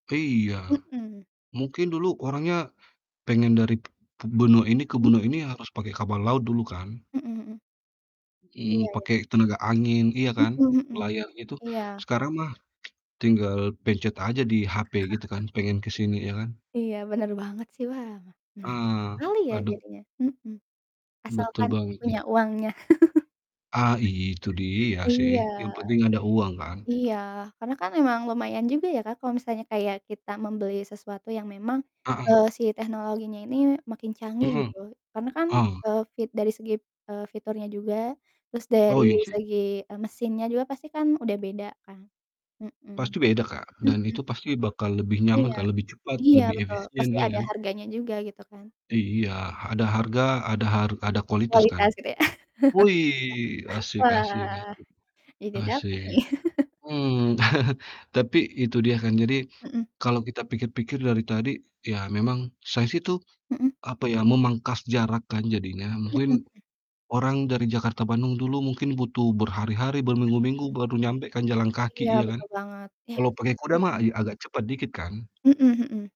Iya, Mhm. mungkin dulu orangnya pengen dari benua ini ke [unintelligible] benua ini harus pakai kapal laut dulu kan? Mhm mhm. Iya Mmm, iya. pakai tenaga angin iya Mhm kan, mhm. layar gitu. Iya. Sekarang mah tinggal pencet aja di HP gitu kan, pengen ke sini ya kan? Iya, bener banget sih. Wah menarik Heeh. sekali ya Aduh. jadinya. Mhm, Betul asalkan banget punya nih. uangnya. Ah, itu dia sih Iya. yang penting ada uang kan? Iya, karena kan memang lumayan juga ya Kak, kalau misalnya kayak kita membeli sesuatu yang memang, Heeh. eee, si teknologinya ini makin canggih Mhm. gitu. Karena kan, Oh. eee, fit dari segi, eee, fiturnya juga, terus dari Oh, iya sih. segi, e mesinnya juga pasti kan udah beda kan? Mhm. Pasti beda Kak, dan Mhm. itu pasti bakal lebih nyaman Iya. Kak, lebih cepat, Iya lebih betul, efisien, pasti iya ada kan? harganya juga gitu kan. Iya, Mhm. ada harga, ada har ada kualitas kan? Kualitas gitu ya? Wih asik asik Wah, asik, jadi dapet asik, nih. mmm, tapi itu dia kan, jadi Mhm. kalau kita pikir-pikir dari tadi ya memang saya sih tuh, Mhm. apa ya, memangkas jarak kan jadinya. Mhm Mungkin mhm. orang dari Jakarta-Bandung dulu mungkin butuh berhari-hari, Mhm berminggu-minggu mhm. baru nyampai kan jalan kaki, Iya ya kan? betul banget, iya Kalau pastinya. pakai kuda mah Mhm. ya agak cepat dikit kan? Mhm mhm.